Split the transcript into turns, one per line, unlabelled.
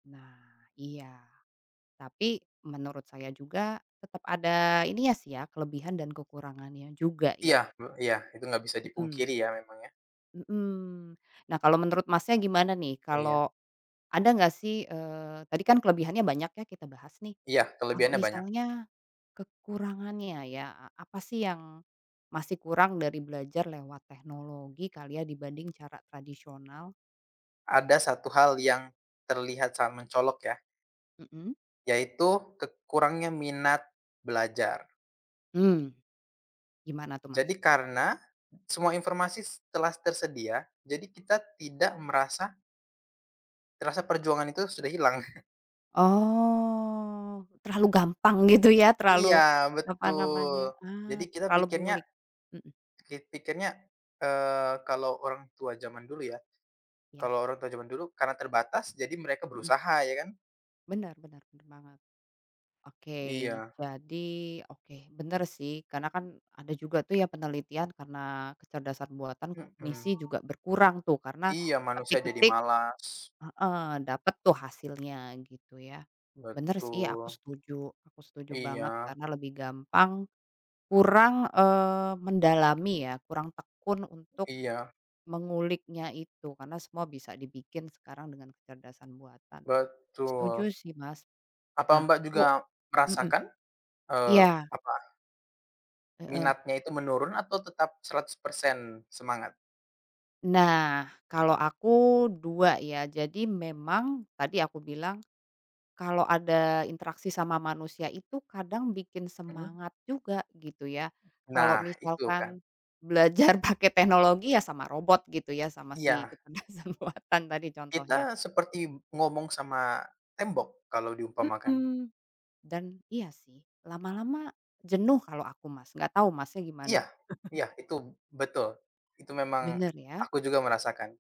Nah, iya, tapi menurut saya juga tetap ada ininya sih ya, kelebihan dan kekurangannya juga,
Iya,
ya.
mmm, iya. Itu enggak bisa
Mhm.
dipungkiri ya, memang ya.
Mhm. Nah kalau menurut Masnya gimana nih
Iya.
kalau ada nggak sih, eee, tadi kan kelebihannya banyak ya kita bahas, nih.
Iya,
Kalau
kelebihannya banyak.
misalnya kekurangannya ya, e apa sih yang masih kurang dari belajar lewat teknologi kali ya dibanding cara tradisional?
Ada 1 hal yang terlihat sangat mencolok ya.
Mhm.
Yaitu ke kurangnya minat belajar.
Mmm. Gimana tuh, Mas?
Jadi karena semua informasi s telah tersedia, jadi kita tidak merasa terasa perjuangan itu sudah hilang.
Oh, terlalu gampang gitu ya, terlalu
Iya,
apa namanya,
betul. Jadi
ah,
kita
terlalu
pikirnya.
mengulik. Mhm.
Piki pikirnya, eee, kalau orang tua zaman dulu ya,
Iya.
kalau orang tua zaman dulu, karena terbatas, jadi mereka
Mhm.
berusaha ya kan.
Bener bener bener banget. Oke,
Iya.
jadi, oke, bener sih, karena kan ada juga tuh ya, penelitian karena kecerdasan buatan,
Mhm.
kognisi juga berkurang tuh karena
Iya manusia jadi
ketik-ketik
malas.
heeh, dapet tuh hasilnya, gitu ya. Bener sih aku
Betul.
setuju aku setuju banget
Iya.
karena lebih gampang kurang, eee, mendalami ya, kurang tekun untuk
Iya.
menguliknya itu. Karena semua bisa dibikin sekarang dengan kecerdasan buatan. Setuju
Betul.
sih, Mas.
Apa
Nah,
Mbak
aku
juga
mhm.
merasakan? eee,
Iya.
apa
Heeh.
minatnya itu menurun atau tetap 100% semangat?
Nah, kalau aku dua, ya. Jadi memang tadi aku bilang, kalau ada interaksi sama manusia itu kadang bikin
Mmm.
semangat juga, gitu ya. Kalau
Nah, itu kan.
misalkan belajar pakai teknologi ya, sama robot gitu ya, sama si
Iya.
kecerdasan buatan tadi contohnya.
Kita seperti ngomong sama tembok kalau diumpamakan.
Mhm. Dan iya sih, lama-lama jenuh kalau aku, Mas, nggak tahu Masnya gimana?
Iya, iya itu betul. Itu memang
Bener, ya?
aku juga merasakan